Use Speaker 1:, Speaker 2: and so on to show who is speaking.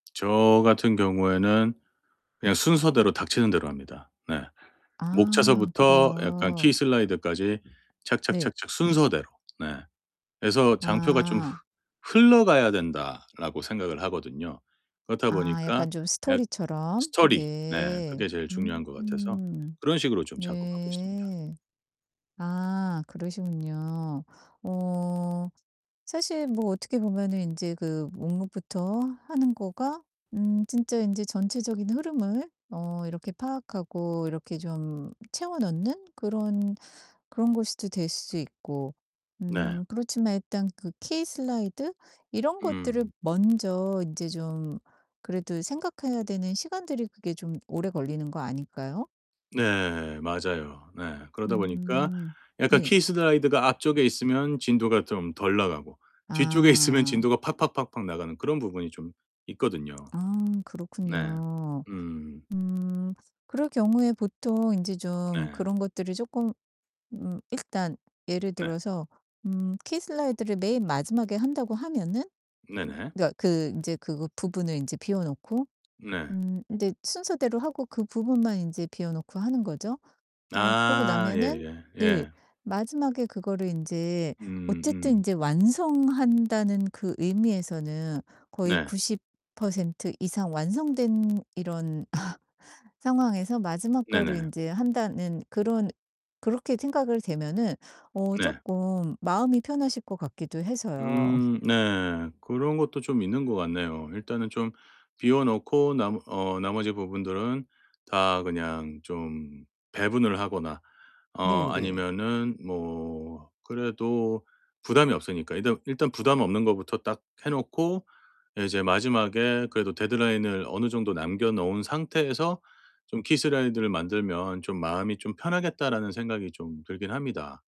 Speaker 1: 저 같은 경우에는 그냥 순서대로 닥치는 대로 합니다. 네.
Speaker 2: 아
Speaker 1: 목차서부터 약간 키
Speaker 2: 그래요.
Speaker 1: 슬라이드까지
Speaker 2: 네.
Speaker 1: 착착착착 순서대로. 네. 그래서 '장표가 좀 흐
Speaker 2: 아.
Speaker 1: 흘러가야 된다.'라고 생각을 하거든요. 그렇다
Speaker 2: 아
Speaker 1: 보니까
Speaker 2: 약간 좀
Speaker 1: 약
Speaker 2: 스토리처럼.
Speaker 1: 스토리. 네
Speaker 2: 네.
Speaker 1: 그게 제일 중요한 것 같아서
Speaker 2: 음.
Speaker 1: 그런 식으로 좀 작업하고 있습니다.
Speaker 2: 네. 아 그러시군요. 어 사실 뭐 어떻게 보면은 인제 그 목록부터 하는 거가 음 진짜 인제 전체적인 흐름을 어 이렇게 파악하고 이렇게 좀 채워 넣는 그런 그런 것으로 될 수 있고
Speaker 1: 네.
Speaker 2: 음 그렇지만 일단 그 키 슬라이드 이런 것들을
Speaker 1: 음.
Speaker 2: 먼저 인제 좀 그래도 생각해야 되는 시간들이 그게 좀 오래 걸리는 거 아닐까요?
Speaker 1: 네 맞아요. 네. 그러다 보니까
Speaker 2: 음.
Speaker 1: 약간
Speaker 2: 네.
Speaker 1: 키 슬라이드가 앞쪽에 있으면 진도가 좀 덜 나가고 뒤쪽에 있으면
Speaker 2: 아.
Speaker 1: 진도가 팍팍팍팍 나가는 그런 부분이 좀 있거든요.
Speaker 2: 아
Speaker 1: 네.
Speaker 2: 그렇군요.
Speaker 1: 음.
Speaker 2: 음. 그럴 경우에 보통 인제 좀
Speaker 1: 네.
Speaker 2: 그런 것들을 쪼끔 음 일단 예를
Speaker 1: 네.
Speaker 2: 들어서 음 키 슬라이드를 맨 마지막에 한다고 하면은 음
Speaker 1: 네네.
Speaker 2: 그러니까 그 인제 그 부분을 인제 비워 놓고
Speaker 1: 네.
Speaker 2: 음 인제 순서대로 하고 그 부분만 인제 비워 놓고 하는 거죠. 어 그러고
Speaker 1: 아.
Speaker 2: 나면은
Speaker 1: 예예.
Speaker 2: 네.
Speaker 1: 예.
Speaker 2: 마지막에 그거를 인제
Speaker 1: 음
Speaker 2: 어쨌든
Speaker 1: 음.
Speaker 2: 인제 완성한다는 그 의미에서는 거의
Speaker 1: 네.
Speaker 2: 90% 이상 완성된 이런 상황에서 마지막 거를
Speaker 1: 네네.
Speaker 2: 인제 한다는 그런 그렇게 생각을 되면은 어
Speaker 1: 네.
Speaker 2: 쪼끔 마음이 편하실 것 같기도 해서요.
Speaker 1: 음 네. 그런 것도 좀 있는 것 같네요. '일단은 좀 비워 놓고 남 어 나머지 부분들은 다 그냥 좀 배분을 하거나 어
Speaker 2: 네 네.
Speaker 1: 아니면은 뭐 그래도 부담이 없으니까 일단 일단 부담 없는 것부터 딱 해 놓고 이제 마지막에 그래도 데드라인을 어느 정도 남겨 놓은 상태에서 좀 키 슬라이드를 만들면 좀 마음이 좀 편하겠다.'라는 생각이 좀 들기는 합니다.